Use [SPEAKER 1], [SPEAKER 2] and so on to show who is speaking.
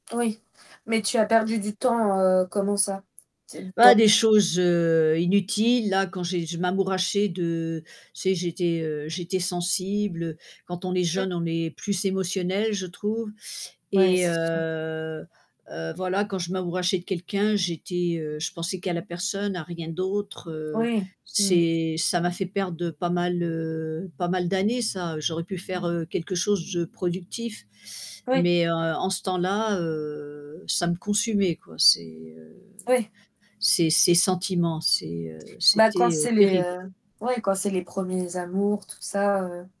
[SPEAKER 1] Oui mais tu as perdu du temps, heu, comment ça? T
[SPEAKER 2] Bah,
[SPEAKER 1] dans
[SPEAKER 2] des choses, heu, inutiles, là, quand j'ai je m'amourachais de tu sais, j'étais, heu, j'étais sensible. Quand on est
[SPEAKER 1] Mmh.
[SPEAKER 2] jeune, on est plus émotionnel, je trouve
[SPEAKER 1] Ouais,
[SPEAKER 2] et
[SPEAKER 1] c'est sûr.
[SPEAKER 2] heu, heu, voilà, quand je m'amourachais de quelqu'un, j'étais, heu, je pensais qu'à la personne, à rien d'autre, heu,
[SPEAKER 1] Oui. Mmh.
[SPEAKER 2] c'est ça m'a fait perdre pas mal, heu, pas mal d'années ça. J'aurais pu faire, heu, quelque chose de productif
[SPEAKER 1] Oui.
[SPEAKER 2] mais heu, en ce temps-là, heu, ça me consumait quoi, ces, heu,
[SPEAKER 1] Oui.
[SPEAKER 2] ces ces sentiments, c'est, heu,
[SPEAKER 1] Bah quand
[SPEAKER 2] c'était, heu,
[SPEAKER 1] c'est les,
[SPEAKER 2] terrible.
[SPEAKER 1] heu, oui, quand c'est les 1ers amours, tout ça, heu